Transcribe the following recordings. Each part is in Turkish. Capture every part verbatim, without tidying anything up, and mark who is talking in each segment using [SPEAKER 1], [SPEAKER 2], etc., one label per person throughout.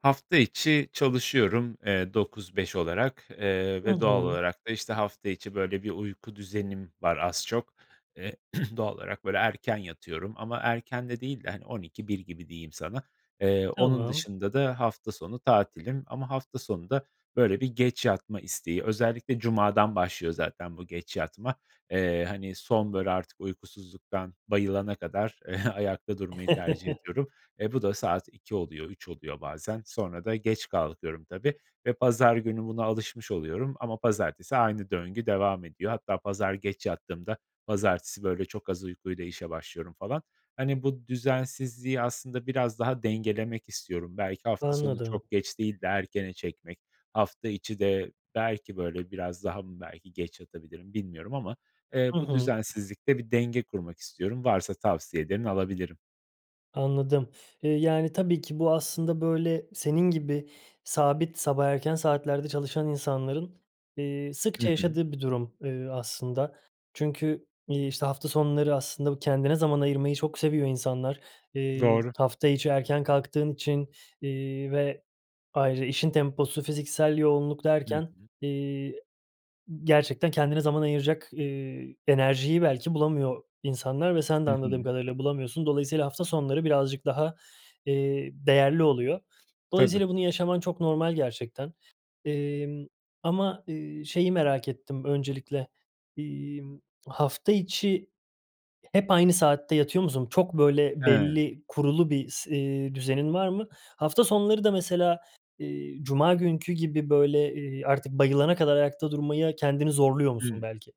[SPEAKER 1] Hafta içi çalışıyorum, eee, dokuz beş olarak, eee,
[SPEAKER 2] Hı
[SPEAKER 1] ve doğal
[SPEAKER 2] hı.
[SPEAKER 1] olarak da işte hafta içi böyle bir uyku düzenim var az çok. Eee, doğal olarak böyle erken yatıyorum ama erken de değil de on iki bir gibi diyeyim sana. Eee, onun
[SPEAKER 2] Tamam.
[SPEAKER 1] dışında da hafta sonu tatilim ama hafta sonu da böyle bir geç yatma isteği özellikle cumadan başlıyor zaten bu geç yatma, eee, hani son böyle artık uykusuzluktan bayılana kadar ayakta durmayı tercih ediyorum. Eee, bu da saat iki oluyor, üç oluyor bazen. Sonra da geç kalkıyorum tabii ve pazar günü buna alışmış oluyorum ama pazartesi aynı döngü devam ediyor. Hatta pazar geç yattığımda pazartesi böyle çok az uykuyla işe başlıyorum falan. Hani bu düzensizliği aslında biraz daha dengelemek istiyorum. Belki hafta sonu
[SPEAKER 2] Anladım.
[SPEAKER 1] çok geç değil de erkene çekmek, hafta içi de belki böyle biraz daha mı belki geç yatabilirim bilmiyorum ama, eee,
[SPEAKER 2] Hı
[SPEAKER 1] bu
[SPEAKER 2] hı.
[SPEAKER 1] düzensizlikte bir denge kurmak istiyorum. Varsa tavsiyelerin alabilirim.
[SPEAKER 2] Anladım, eee, yani tabii ki bu aslında böyle senin gibi sabit sabah erken saatlerde çalışan insanların, eee,
[SPEAKER 1] Hı
[SPEAKER 2] sıkça
[SPEAKER 1] hı.
[SPEAKER 2] yaşadığı bir durum, ııı, aslında. Çünkü, iii, işte hafta sonları aslında bu kendine zaman ayırmayı çok seviyor insanlar. Eee,
[SPEAKER 1] Doğru.
[SPEAKER 2] hafta içi erken kalktığın için, iii, ve ayrı işin temposu, fiziksel yoğunluk
[SPEAKER 1] Hı
[SPEAKER 2] derken,
[SPEAKER 1] hı.
[SPEAKER 2] iii, gerçekten kendine zaman ayıracak, iii, enerjiyi belki bulamıyor insanlar ve sen de
[SPEAKER 1] Hı
[SPEAKER 2] anladığım
[SPEAKER 1] hı.
[SPEAKER 2] kadarıyla bulamıyorsun. Dolayısıyla hafta sonları birazcık daha, iii, değerli oluyor.
[SPEAKER 1] Tabii.
[SPEAKER 2] Dolayısıyla bunu yaşaman çok normal gerçekten, iii, ama, iii, şeyi merak ettim öncelikle, iii, hafta içi hep aynı saatte yatıyor musun? Çok böyle
[SPEAKER 1] He.
[SPEAKER 2] belli kurulu bir s, eee, düzenin var mı? Hafta sonları da mesela, iii, cuma günkü gibi böyle, iii, artık bayılana kadar ayakta durmaya kendini zorluyor musun
[SPEAKER 1] Hı,
[SPEAKER 2] belki?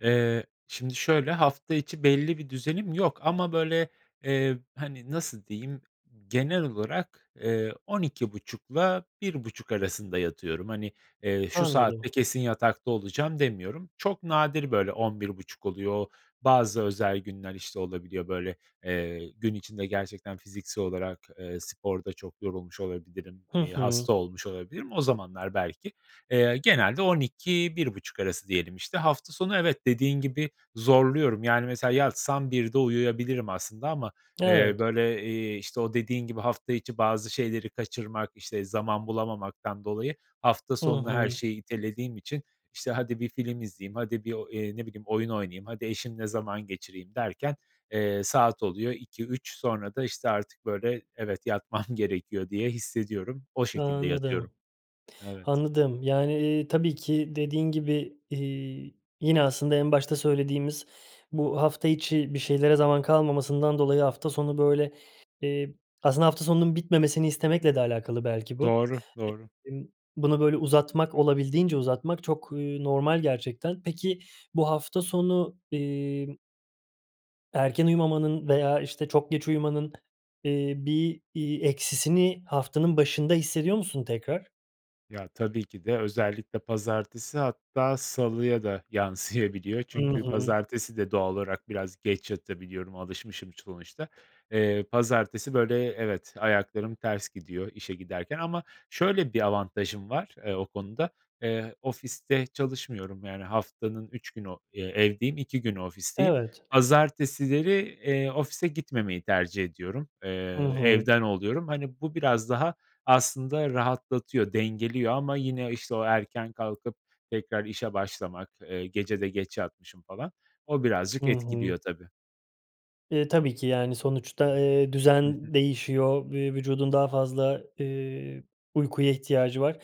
[SPEAKER 1] eee, şimdi şöyle hafta içi belli bir düzenim yok ama böyle, eee, hani nasıl diyeyim. Genel olarak, eee, on iki buçukla bir buçuk arasında yatıyorum. Hani, eee, şu saatte
[SPEAKER 2] Anladım.
[SPEAKER 1] kesin yatakta olacağım demiyorum. Çok nadir böyle on bir buçuk oluyor. Bazı özel günler işte olabiliyor böyle, eee, gün içinde gerçekten fiziksel olarak, eee, sporda çok yorulmuş olabilirim,
[SPEAKER 2] Hı
[SPEAKER 1] iii,
[SPEAKER 2] hı.
[SPEAKER 1] hasta olmuş olabilirim. O zamanlar belki, eee, genelde on iki bir buçuk arası diyelim işte, hafta sonu evet dediğin gibi zorluyorum. Yani mesela yatsam birde uyuyabilirim aslında ama, eee,
[SPEAKER 2] Evet.
[SPEAKER 1] böyle, iii, işte o dediğin gibi hafta içi bazı şeyleri kaçırmak, işte zaman bulamamaktan dolayı hafta
[SPEAKER 2] Hı
[SPEAKER 1] sonuna her
[SPEAKER 2] hı.
[SPEAKER 1] şeyi itelediğim için işte hadi bir film izleyeyim, hadi bir o, eee, ne bileyim oyun oynayayım, hadi eşimle zaman geçireyim derken, eee, saat oluyor iki üç sonra da işte artık böyle evet yatmam gerekiyor diye hissediyorum. O şekilde yatıyorum.
[SPEAKER 2] Anladım,
[SPEAKER 1] Evet.
[SPEAKER 2] anladım. Yani, eee, tabii ki dediğin gibi, iii, yine aslında en başta söylediğimiz bu hafta içi bir şeylere zaman kalmamasından dolayı hafta sonu böyle, iii, aslında hafta sonunun bitmemesini istemekle de alakalı belki bu,
[SPEAKER 1] Doğru doğru.
[SPEAKER 2] [unintelligible] bunu böyle uzatmak, olabildiğince uzatmak çok, eee, normal gerçekten. Peki bu hafta sonu, iii erken uyumamanın veya işte çok geç uyumanın, iii, bir, iii, eksisini haftanın başında hissediyor musun tekrar?
[SPEAKER 1] Ya, tabii ki de özellikle pazartesi, hatta salıya da yansıyabiliyor
[SPEAKER 2] Hı
[SPEAKER 1] çünkü
[SPEAKER 2] hı.
[SPEAKER 1] pazartesi de doğal olarak biraz geç yatabiliyorum, alışmışım sonuçta. Eee, pazartesi, böyle, evet, ayaklarım ters gidiyor işe giderken ama şöyle bir avantajım var, eee, o konuda, eee, ofiste çalışmıyorum, yani, haftanın üç günü, eee, evdeyim, iki günü ofisteyim.
[SPEAKER 2] Evet.
[SPEAKER 1] Pazartesileri, eee, ofise gitmemeyi tercih ediyorum, eee,
[SPEAKER 2] Hı hı.
[SPEAKER 1] evden oluyorum. Hani, bu biraz daha aslında rahatlatıyor, dengeliyor ama yine, işte, o erken kalkıp tekrar işe başlamak, eee, gece de geç yatmışım falan o
[SPEAKER 2] Hı
[SPEAKER 1] birazcık
[SPEAKER 2] hı.
[SPEAKER 1] etkiliyor tabii.
[SPEAKER 2] E, tabii ki yani sonuçta, eee,
[SPEAKER 1] Hı hı.
[SPEAKER 2] düzen değişiyor ve vücudun daha fazla, eee, uykuya ihtiyacı var.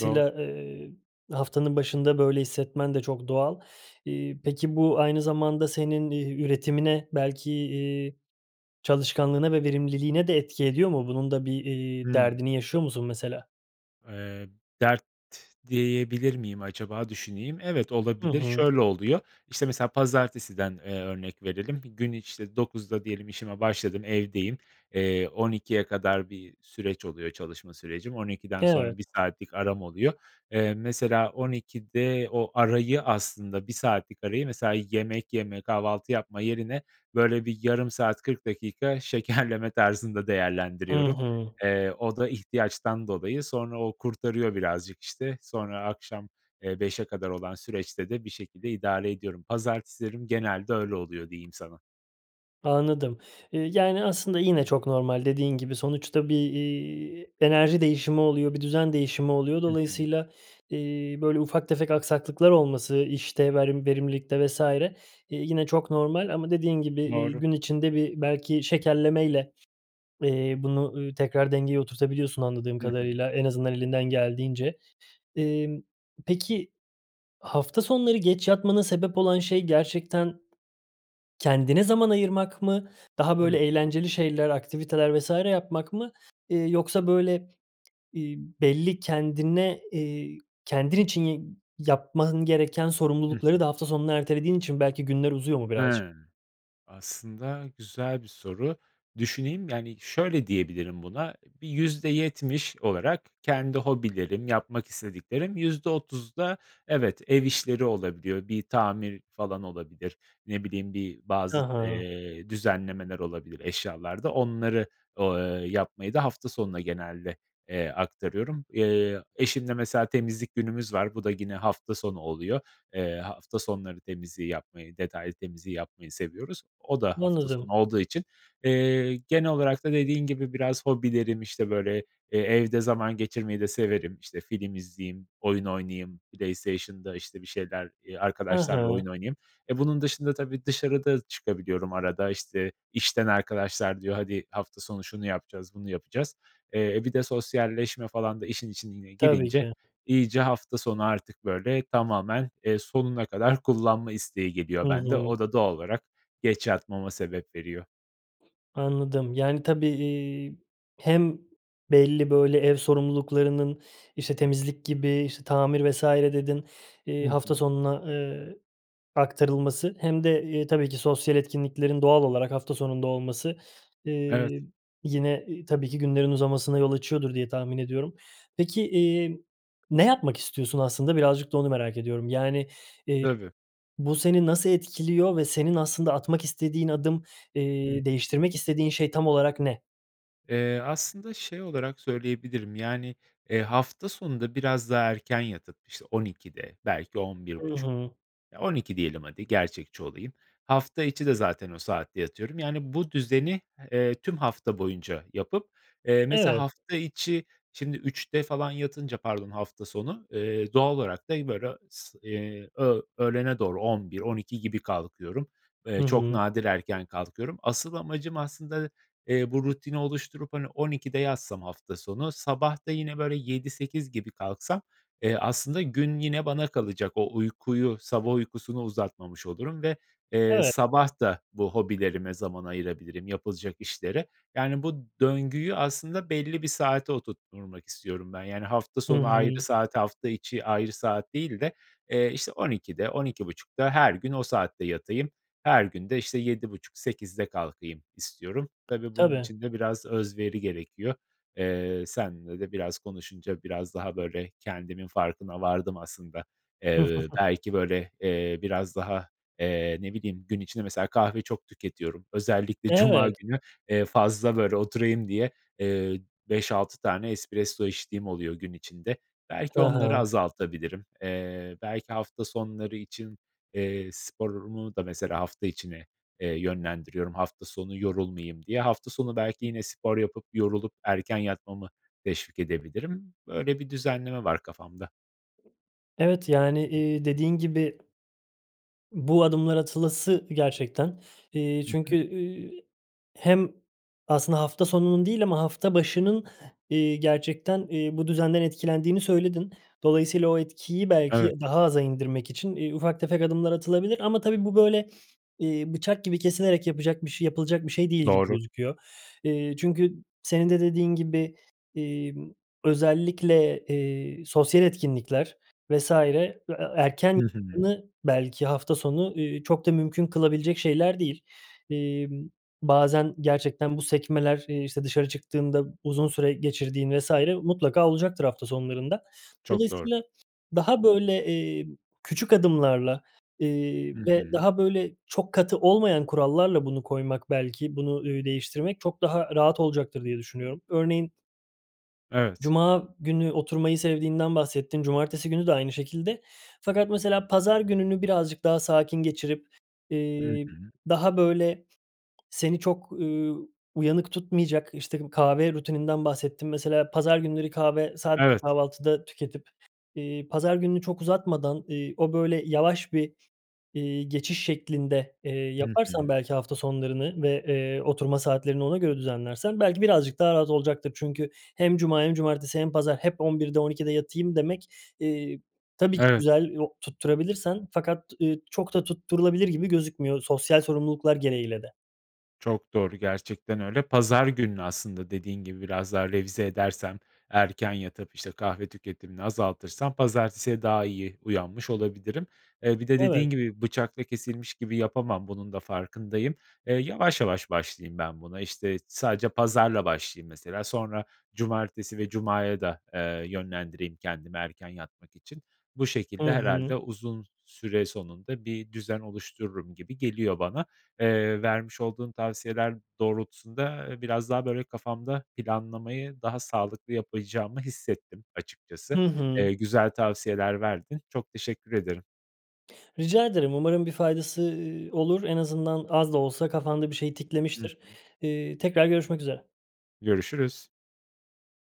[SPEAKER 1] Doğru.
[SPEAKER 2] ııı, haftanın başında böyle hissetmen de çok doğal. İii, peki bu aynı zamanda senin, eee, üretimine belki, iii, çalışkanlığına ve verimliliğine de etki ediyor mu? Bunun da bir, iii,
[SPEAKER 1] Hımm.
[SPEAKER 2] derdini yaşıyor musun mesela?
[SPEAKER 1] Eee, dert diyebilir miyim acaba, düşüneyim. Evet,
[SPEAKER 2] Hı
[SPEAKER 1] olabilir,
[SPEAKER 2] hı.
[SPEAKER 1] şöyle oluyor, işte, mesela pazartesiden, eee, örnek verelim, bir gün, işte, dokuzda diyelim işime başladım, evdeyim, eee, on ikiye kadar bir süreç oluyor, çalışma sürecim. on ikiden sonra
[SPEAKER 2] Evet.
[SPEAKER 1] bir saatlik aram oluyor. Eee, mesela on ikide o arayı, aslında bir saatlik arayı, mesela, yemek yeme, kahvaltı yapma yerine böyle bir yarım saat, kırk dakika şekerleme tarzında
[SPEAKER 2] Hı
[SPEAKER 1] değerlendiriyorum.
[SPEAKER 2] hı.
[SPEAKER 1] Eee, o da ihtiyaçtan dolayı, sonra o kurtarıyor birazcık, işte, sonra akşam, eee, beşe kadar olan süreçte de bir şekilde idare ediyorum. Pazartesilerim genelde öyle oluyor, diyeyim sana.
[SPEAKER 2] Anladım. Eee, yani, aslında yine çok normal, dediğin gibi, sonuçta bir, iii, enerji değişimi oluyor, bir düzen değişimi oluyor.
[SPEAKER 1] Hı hı.
[SPEAKER 2] Dolayısıyla, iii, böyle ufak tefek aksaklıklar olması, işte, verim verimlilikte vs. eee, yine çok normal ama dediğin gibi, iii,
[SPEAKER 1] Doğru.
[SPEAKER 2] gün içinde bir, belki, şekerlemeyle, eee, bunu, ııı, tekrar dengeye oturtabiliyorsun, anladığım
[SPEAKER 1] Hı hı.
[SPEAKER 2] kadarıyla, en azından elinden geldiğince. Emm, peki, hafta sonları geç yatmana sebep olan şey gerçekten kendine zaman ayırmak mı? Daha,
[SPEAKER 1] Hı
[SPEAKER 2] böyle,
[SPEAKER 1] hı.
[SPEAKER 2] eğlenceli şeyler, aktiviteler vs. yapmak mı, eee, yoksa böyle, ııı, belli kendine, eee, kendin için yi yapman gereken
[SPEAKER 1] Hı
[SPEAKER 2] sorumlulukları
[SPEAKER 1] hı.
[SPEAKER 2] da hafta sonuna ertelediğin için belki günler uzuyor mu birazcık?
[SPEAKER 1] Hıı. Aslında güzel bir soru. Düşüneyim. Yani, şöyle diyebilirim buna, bir yüzde yetmiş olarak kendi hobilerim, yapmak istediklerim, yüzde otuzda evet, ev işleri olabiliyor, bir tamir falan olabilir, ne bileyim, bir
[SPEAKER 2] Hı
[SPEAKER 1] bazı,
[SPEAKER 2] hı.
[SPEAKER 1] eee, düzenlemeler olabilir eşyalarda. Onları o ııı, yapmayı da hafta sonuna genelde, eee, aktarıyorum. Eee, eşimle, mesela, temizlik günümüz var, bu da gine hafta sonu oluyor. Eee, hafta sonları temizliği yapmayı, detaylı temizliği yapmayı seviyoruz, o da hafta sonu
[SPEAKER 2] Anladım.
[SPEAKER 1] olduğu için. Eee, genel olarak da dediğin gibi biraz hobilerim, işte, böyle, eee, evde zaman geçirmeyi de severim, işte, film izleyeyim, oyun oynayayım, PlayStation’da, işte, bir şeyler, eee,
[SPEAKER 2] Hı
[SPEAKER 1] arkadaşlarla
[SPEAKER 2] hı.
[SPEAKER 1] oyun oynayayım. E, bunun dışında tabii dışarı da çıkabiliyorum arada. İşte, işten arkadaşlar diyor, hadi hafta sonu şunu yapacağız, bunu yapacağız. Eee, bir de sosyalleşme falan da işin içine
[SPEAKER 2] Tabii
[SPEAKER 1] girince
[SPEAKER 2] ki.
[SPEAKER 1] iyice hafta sonu artık, böyle, tamamen, eee, sonuna kadar kullanma isteği
[SPEAKER 2] Hı
[SPEAKER 1] geliyor bende.
[SPEAKER 2] hı.
[SPEAKER 1] O da doğal olarak geç yatmama sebep veriyor.
[SPEAKER 2] Anladım. Yani, tabii, iii, hem belli, böyle, ev sorumluluklarının, işte, temizlik gibi, işte, tamir vs. dedin, iii,
[SPEAKER 1] Hı
[SPEAKER 2] hafta
[SPEAKER 1] hı.
[SPEAKER 2] sonuna, ııı, aktarılması hem de, ııı, tabii ki sosyal etkinliklerin doğal olarak hafta sonunda olması,
[SPEAKER 1] Evet.
[SPEAKER 2] ııı, yine tabii ki günlerin uzamasına yol açıyordur diye tahmin ediyorum. Peki, iii, ne yapmak istiyorsun aslında? Birazcık da onu merak ediyorum. Yani, eee,
[SPEAKER 1] Tabii.
[SPEAKER 2] bu seni nasıl etkiliyor ve senin aslında atmak istediğin adım,
[SPEAKER 1] Hı hı.
[SPEAKER 2] iii, değiştirmek istediğin şey tam olarak ne?
[SPEAKER 1] Eee, aslında şey olarak söyleyebilirim, yani, eee, hafta sonunda biraz daha erken yatıp, işte, on ikide, belki on bir
[SPEAKER 2] Hı
[SPEAKER 1] buçuk.
[SPEAKER 2] hı.
[SPEAKER 1] Ya, on iki diyelim, hadi, gerçekçi olayım. Hafta içi de zaten o saatte yatıyorum. Yani, bu düzeni, eee, tüm hafta boyunca yapıp, eee, mesela
[SPEAKER 2] Evet.
[SPEAKER 1] hafta içi şimdi üçte falan yatınca, pardon, hafta sonu, eee, doğal olarak da böyle s eee, öğ öğlene doğru on bir on iki gibi kalkıyorum.
[SPEAKER 2] Hı
[SPEAKER 1] Eee çok
[SPEAKER 2] hı.
[SPEAKER 1] nadir erken kalkıyorum. Asıl amacım aslında, eee, bu rutini oluşturup, hani, on ikide yatsam hafta sonu, sabah da yine böyle yedi sekiz gibi kalksam, eee, aslında gün yine bana kalacak, o uykuyu, sabah uykusunu uzatmamış olurum ve, eee,
[SPEAKER 2] Evet.
[SPEAKER 1] sabah da bu hobilerime zaman ayırabilirim, yapılacak işlere. Yani, bu döngüyü aslında belli bir saate oturtturmak istiyorum ben. Yani, hafta
[SPEAKER 2] Hı
[SPEAKER 1] sonu ayrı
[SPEAKER 2] hı.
[SPEAKER 1] saat, hafta içi ayrı saat değil de, eee, işte, on ikide, on iki buçukta her gün o saatte yatayım, her gün de, işte, yedi buçuk sekizde kalkayım istiyorum. Tabii bunun
[SPEAKER 2] Tabii.
[SPEAKER 1] için de biraz özveri gerekiyor. Eee, seninle de biraz konuşunca biraz daha böyle kendimin farkına vardım aslında. Eee, belki, böyle, eee, biraz daha, eee, ne bileyim, gün içinde, mesela, kahve çok tüketiyorum, özellikle cuma
[SPEAKER 2] Evet.
[SPEAKER 1] günü, eee, fazla, böyle, oturayım diye, eee, beş altı tane espresso içtiğim oluyor gün içinde.
[SPEAKER 2] Hı
[SPEAKER 1] Belki onları
[SPEAKER 2] hı.
[SPEAKER 1] azaltabilirim, eee, belki hafta sonları için, eee, sporumu da, mesela, hafta içine, eee, yönlendiriyorum hafta sonu yorulmayayım diye. Hafta sonu belki yine spor yapıp yorulup erken yatmamı teşvik edebilirim. Böyle bir düzenleme var kafamda.
[SPEAKER 2] Evet, yani, eee, dediğin gibi. Bu adımlar atılası gerçekten. Eee,
[SPEAKER 1] Hı
[SPEAKER 2] çünkü,
[SPEAKER 1] hı.
[SPEAKER 2] ııı, hem aslında hafta sonunun değil ama hafta başının, eee, gerçekten, eee, bu düzenden etkilendiğini söyledin. Dolayısıyla o etkiyi belki
[SPEAKER 1] Evet.
[SPEAKER 2] daha aza indirmek için, eee, ufak tefek adımlar atılabilir. Ama tabii bu böyle, eee, bıçak gibi kesilerek yapacak bir şey yapılacak bir şey değil gibi
[SPEAKER 1] Doğru.
[SPEAKER 2] gözüküyor. Eee, çünkü senin de dediğin gibi, emm, özellikle, eee, sosyal etkinlikler vs. e erken
[SPEAKER 1] Hı hı.
[SPEAKER 2] [unintelligible] belki hafta sonu, eee, çok da mümkün kılabilecek şeyler değil. Emm, bazen gerçekten bu sekmeler, eee, işte, dışarı çıktığında uzun süre geçirdiğin vs. mutlaka olacaktır hafta sonlarında.
[SPEAKER 1] Çok doğru.
[SPEAKER 2] Dolayısıyla daha, böyle, eee, küçük adımlarla, eee,
[SPEAKER 1] Hı
[SPEAKER 2] ve
[SPEAKER 1] hı.
[SPEAKER 2] daha, böyle, çok katı olmayan kurallarla bunu koymak belki, bunu, ııı, değiştirmek çok daha rahat olacaktır diye düşünüyorum. Örneğin
[SPEAKER 1] Evet.
[SPEAKER 2] Cuma günü oturmayı sevdiğinden bahsettin, cumartesi günü de aynı şekilde. Fakat mesela pazar gününü birazcık daha sakin geçirip,
[SPEAKER 1] Hı
[SPEAKER 2] eee,
[SPEAKER 1] hı.
[SPEAKER 2] daha, böyle, seni çok, ııı, uyanık tutmayacak, işte, kahve rutininden bahsettin. Mesela pazar günleri kahve sadece
[SPEAKER 1] Evet.
[SPEAKER 2] kahvaltıda tüketip, eee, pazar gününü çok uzatmadan, eee, o böyle yavaş bir, eee, geçiş şeklinde, eee,
[SPEAKER 1] Hı
[SPEAKER 2] yaparsan
[SPEAKER 1] hı.
[SPEAKER 2] belki hafta sonlarını ve, eee, oturma saatlerini ona göre düzenlersen belki birazcık daha rahat olacaktır. Çünkü hem cuma hem cumartesi hem pazar hep on birde on ikide yatayım demek, eee, tabii ki
[SPEAKER 1] Evet.
[SPEAKER 2] güzel, yok, tutturabilirsen. Fakat, eee, çok da tutturulabilir gibi gözükmüyor. Sosyal sorumluluklar gereğiyle de.
[SPEAKER 1] Çok doğru, gerçekten öyle. Pazar gününü aslında dediğin gibi biraz daha revize edersem, erken yatıp, işte, kahve tüketimini azaltırsam, pazartesiye daha iyi uyanmış olabilirim. Eee, bir de
[SPEAKER 2] Evet.
[SPEAKER 1] dediğin gibi bıçakla kesilmiş gibi yapamam, bunun da farkındayım. Eee, yavaş yavaş başlayayım ben buna. İşte, sadece pazarla başlayayım, mesela, sonra cumartesi ve cumaya da, eee, yönlendireyim kendimi erken yatmak için. Bu
[SPEAKER 2] Hı
[SPEAKER 1] şekilde
[SPEAKER 2] hı.
[SPEAKER 1] herhâlde uzun süre sonunda bir düzen oluştururum gibi geliyor bana. Eee, vermiş olduğun tavsiyeler doğrultusunda, ııı, biraz daha, böyle, kafamda planlamayı daha sağlıklı yapacağımı hissettim
[SPEAKER 2] Hı
[SPEAKER 1] açıkçası.
[SPEAKER 2] hı.
[SPEAKER 1] Eee, güzel tavsiyeler verdin. Çok teşekkür ederim.
[SPEAKER 2] Rica ederim. Umarım bir faydası, ııı, olur. En azından az da olsa kafanda bir şey
[SPEAKER 1] Hı
[SPEAKER 2] tiklemiştir.
[SPEAKER 1] hı.
[SPEAKER 2] Eee, tekrar görüşmek üzere.
[SPEAKER 1] Görüşürüz.